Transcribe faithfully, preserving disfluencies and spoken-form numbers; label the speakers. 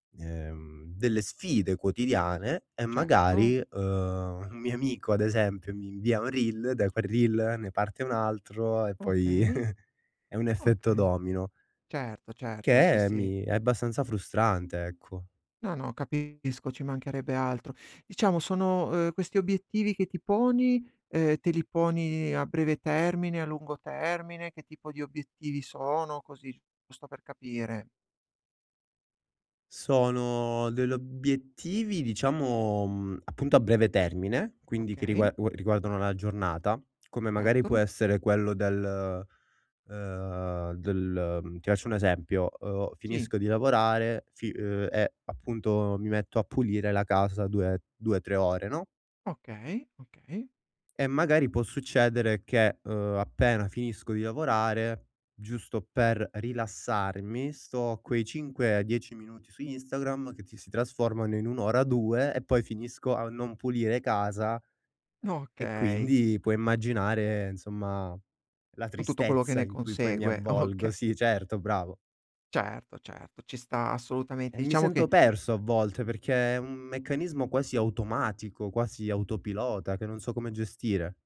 Speaker 1: Ehm, delle sfide quotidiane e
Speaker 2: Certo.
Speaker 1: magari, uhm, un mio amico, ad esempio, mi invia un reel, da quel reel ne parte un altro, e poi
Speaker 2: Okay.
Speaker 1: è un effetto
Speaker 2: Okay.
Speaker 1: domino.
Speaker 2: Certo, certo, sì,
Speaker 1: Che
Speaker 2: sì.
Speaker 1: mi è abbastanza frustrante, ecco.
Speaker 2: No, no, capisco, ci mancherebbe altro. Diciamo sono uhm, questi obiettivi che ti poni, ehm, te li poni a breve termine, a lungo termine, che tipo di obiettivi sono? Così, giusto per capire.
Speaker 1: Sono del obiettivi diciamo, mhmm, appunto a breve termine, quindi che
Speaker 2: Okay.
Speaker 1: rigua u riguardano la giornata, come magari può
Speaker 2: Certo.
Speaker 1: essere quello del uhm, del mhmm, ti accio un esempio: uhm,
Speaker 2: Sì.
Speaker 1: finisco di lavorare, fi uhm, e appunto mi metto a pulire la casa due due, trè ore, no?
Speaker 2: Okay, okay.
Speaker 1: E magari può succedere che, uhm, appena finisco di lavorare, giusto per rilassarmi, sto a quei cinque dieci minuti su Instagram, che ti si trasformano in un ora, due e poi finisco a non pulire casa. E
Speaker 2: Okay.
Speaker 1: quindi puoi immaginare, insomma, la
Speaker 2: Con tutto quello che
Speaker 1: tristezza
Speaker 2: ne
Speaker 1: in cui poi mi
Speaker 2: consegue,
Speaker 1: avvolgo.
Speaker 2: ocche.
Speaker 1: Sì certo, bravo.
Speaker 2: Certo, certo, ci sta
Speaker 1: E
Speaker 2: assolutamente.
Speaker 1: mi
Speaker 2: Diciamo
Speaker 1: sento
Speaker 2: che
Speaker 1: perso a volte perché è un meccanismo quasi automatico, quasi autopilota, che non so come gestire.